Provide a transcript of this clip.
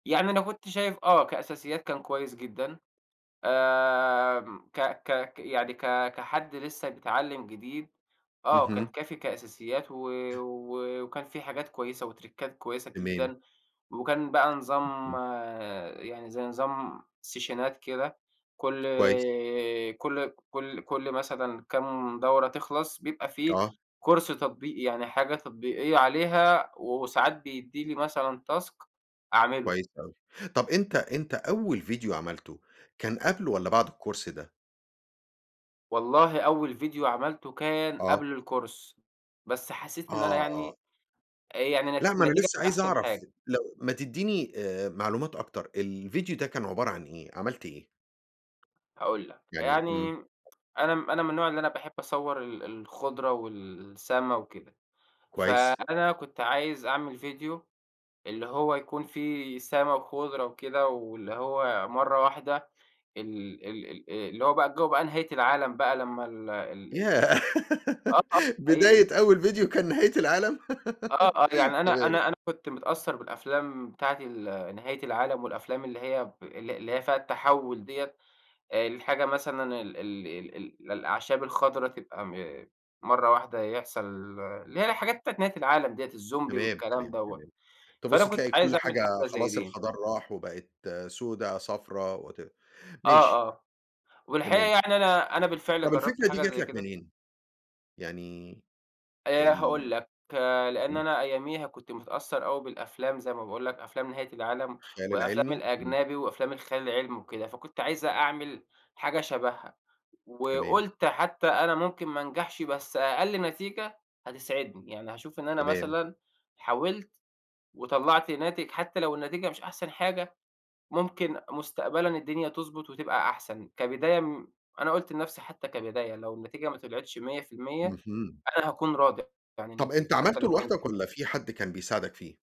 يعني أنا كنت شايف آه، كأساسيات كان كويس جدًا، آمم ك ك يعني ك كحد لسّه بيتعلّم جديد، آه كان اهم. كافي كأساسيات و وكان فيه حاجات كويسة وترِكّات كويسة تمام. جدًا، وكان بقى نظام اهم. يعني زي نظام سيشنات كده كلّ كويس. كلّ كلّ كلّ مثلًا كام دورة تخلَص بيبقى في آه. كورس تطبيقي يعني حاجة تطبيقية عليها، وساعات بيدّي لي مثلًا task أعملُه. كويس أوي، طب أنت أنت أول فيديو عملته، كان قبل والّا بعد الكورس ده؟ والله أول فيديو عملته كان آه. قبل الكورس، بس حسّيت إن أنا آه. يعني آآ يعني ن لا ما أنا نتيجة لسّه مش عايز أحسن أعرف حاجة. لو ما تدّيني آآ معلومات أكتر، الفيديو ده كان عبارة عن إيه، عملْت إيه؟ هاقول لك يعني يعني إمم. أنا أنا من النوع اللي أنا باحب أصوّر ال الخُضرة والسما وكده، كويس. فأنا كنت عايز أعمل فيديو اللي هو يكون فيه سما وخُضرة وكده واللي هو مَرّة واحدة ال ال ال اللي هو بقى جو بقى نهاية العالَم بقى لمّا ال ال ال ال ياه! آه، آه حقيقي. بداية أول فيديو كان نهاية العالم! آه، آه، يعني أنا تمام. أنا أنا كنت متأثّر بالأفلام بتاعة ال نهاية العالم والأفلام اللي هي ب اللي اللي هي فيها التحوُّل ديّة، الحاجة مثلًا ال ال ال ال الأعشاب الخَضرا تبقى م مَرّة واحدة يحصَل اللي هي الحاجات بتاعة نهاية العالم ديّة، الزومبي تمام، والكلام تمام، دوّة، تمام، فأنا تبُص كنت تلاقي عايز كلّ أعمل حاجة حاجة زي خلاص دي. الخَضار راح، وبقِت سودا صفرا وات آه، ماشي. آه، والحقيقة تمام. يعني أنا أنا بالفعل طب جرّبت الفكرة دي حاجة جات زي لك كده منين؟ يعني آآ ال هاقول لك، لإن امم. أنا أياميها كنت متأثّر أوي بالأفلام زي ما باقول لك أفلام نهاية العالم، الخيال والأفلام العلمي، امم. الأجنبي وأفلام الخيال العلمي وكده، فكنت عايز أعمل حاجة شبهها، تمام. وقُلت حتّى أنا ممكن ما أنجحش بس أقل نتيجة هتسعدني، يعني هاشوف إن أنا تمام. مثلًا حاولت، وطلَّعت ناتج حتى لو النتيجة مش أحسن حاجة، ممكن مستقبلًا الدنيا تضبُط وتبقى أحسن، كبداية أنا قُلت لنفْسي حتّى كبداية لو النتيجة ما طلعتش 100% اهم. أنا هاكون راضي عن طب أنت النتيجة حتّى عملته لو كانت لوحدك إيه. والّا في حد كان بيساعدك فيه؟